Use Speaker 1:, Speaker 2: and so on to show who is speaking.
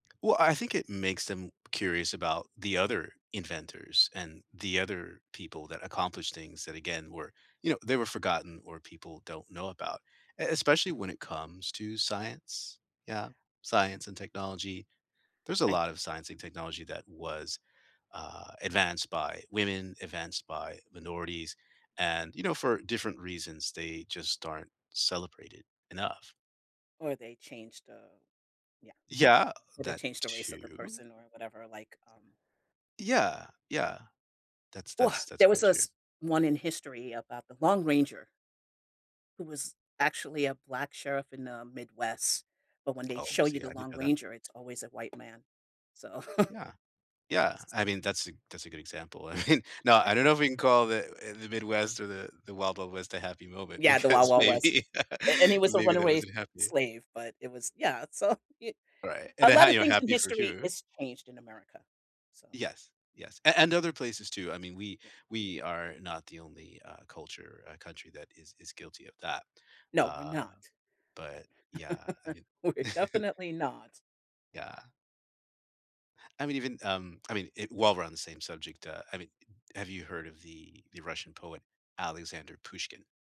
Speaker 1: Well, I think it makes them curious about the other inventors, and the other people that accomplish things that, again, were you know, they were forgotten, or people don't know about, e especially when it comes to science, yeah,
Speaker 2: Yeah.
Speaker 1: science, and technology. There's a
Speaker 2: I th
Speaker 1: lot of science and technology that was, uh, advanced by women, advanced by minorities, and, you know, for different reasons, they just aren't celebrated enough.
Speaker 2: Or they changed the yeah,
Speaker 1: Yeah,
Speaker 2: or they
Speaker 1: that
Speaker 2: changed the race of the
Speaker 1: too.
Speaker 2: person, or whatever, like, um
Speaker 1: Yeah. Yeah. That's
Speaker 2: Ooh ah.
Speaker 1: that's that's
Speaker 2: There was
Speaker 1: quite true.
Speaker 2: this one in history about the Lone Ranger who was actually a black sheriff in the Midwest, but when they
Speaker 1: Oh,
Speaker 2: show you
Speaker 1: see,
Speaker 2: the
Speaker 1: I didn't
Speaker 2: Lone
Speaker 1: know that.
Speaker 2: Ranger, it's always a white man, so
Speaker 1: Yeah. Yeah. I mean, that's a that's a good example. I mean, no,
Speaker 2: Eh
Speaker 1: I don't know if we can call the, eh, the Midwest, or the the Wild Wild West a happy moment
Speaker 2: Yeah, the Wild
Speaker 1: because
Speaker 2: Wild West.
Speaker 1: maybe,
Speaker 2: A and he was a
Speaker 1: maybe that
Speaker 2: runaway
Speaker 1: wasn't happy.
Speaker 2: slave, but it was yeah, so y
Speaker 1: Right, and,
Speaker 2: a
Speaker 1: uh, how
Speaker 2: lotta
Speaker 1: you know,
Speaker 2: things in
Speaker 1: happy for
Speaker 2: history
Speaker 1: who?
Speaker 2: has changed in America, so
Speaker 1: Yes. Yes. A and other places too. I mean, we
Speaker 2: Yeah.
Speaker 1: we are not the only, uh, culture, a country that is is guilty of that,
Speaker 2: No, we're
Speaker 1: uh,
Speaker 2: not, but
Speaker 1: but yeah, I knew
Speaker 2: we're definitely not.
Speaker 1: Yeah. I'm even, um, I mean, it while we're on the same subject, uh, I mean, have you heard of the the Russian poet Alexander Pushkin?